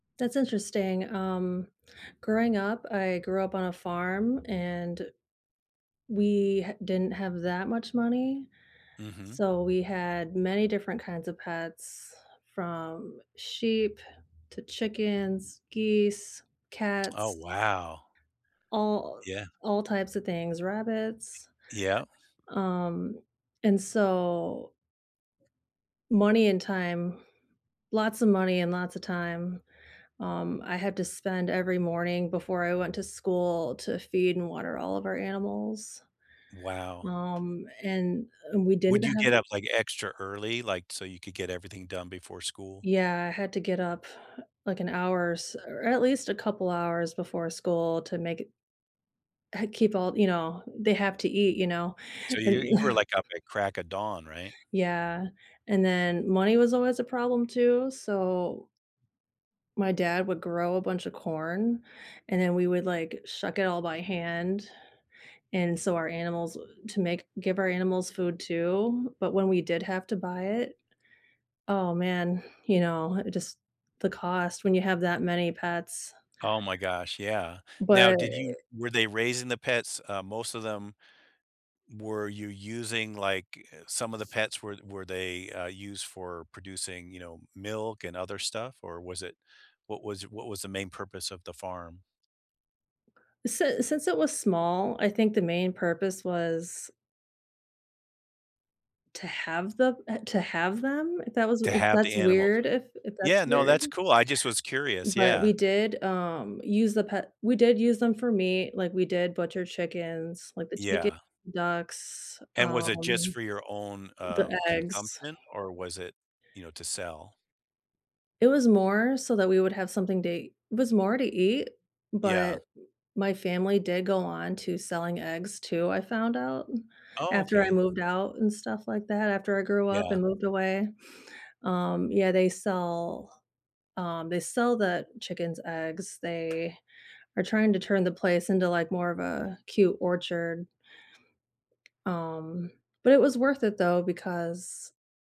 That's interesting, um, growing up, I grew up on a farm and we didn't have that much money, Mhm. so we had many different kinds of pets from sheep to chickens, geese, Oh cats wow. all Yeah. all types of things, rabbits, Yeah. um, and so money and time, lots of money and lots of time. Um, I had to spend every morning before I went to school to feed and water all of our animals. Wow. Um, and, uh, we didn't Would you have get up like extra early, like, so you could get everything done before school? Yeah, I had to get up like an hour or s or at least a couple hours before school to make it Uh, keep all you know, they have to eat, you know, So, and you you were like up at the crack of dawn, right? Yeah, and then money was always a problem too, so my dad would grow a bunch of corn, and then we would like shuck it all by hand, and so our animals to make give our animals food too, but when we did have to buy it oh man, you know, just the cost when you have that many pets. Oh my gosh, yeah. Now, But did you were they raising the pets, uh most of them were you using like, eh, some of the pets were were they, uh, used for producing, you know, milk and other stuff, or was it what was what was the main purpose of the farm? Si since it was small, I think the main purpose was to have them uh, to have them? That was To have the that's animals weird if if yeah, that's no, weird? that's cool. I just was curious, ...but yeah. we did, um, use the pet we did use them for meat, like, we did butcher chickens, like the chicken, Yeah. ducks, And was it just um, for your own, uh, the eggs. consumption or was it, you know, to sell? It was more so that we would have something day it was more to eat, but Yeah. my family did go on to selling eggs too, I found out, Oh, after I okay. moved out and stuff like that, after I grew up Yeah. and moved away, um, yeah, they sell, um they sell the chicken's eggs. They are trying to turn the place into like more of a cute orchard. Um, but it was worth it though, because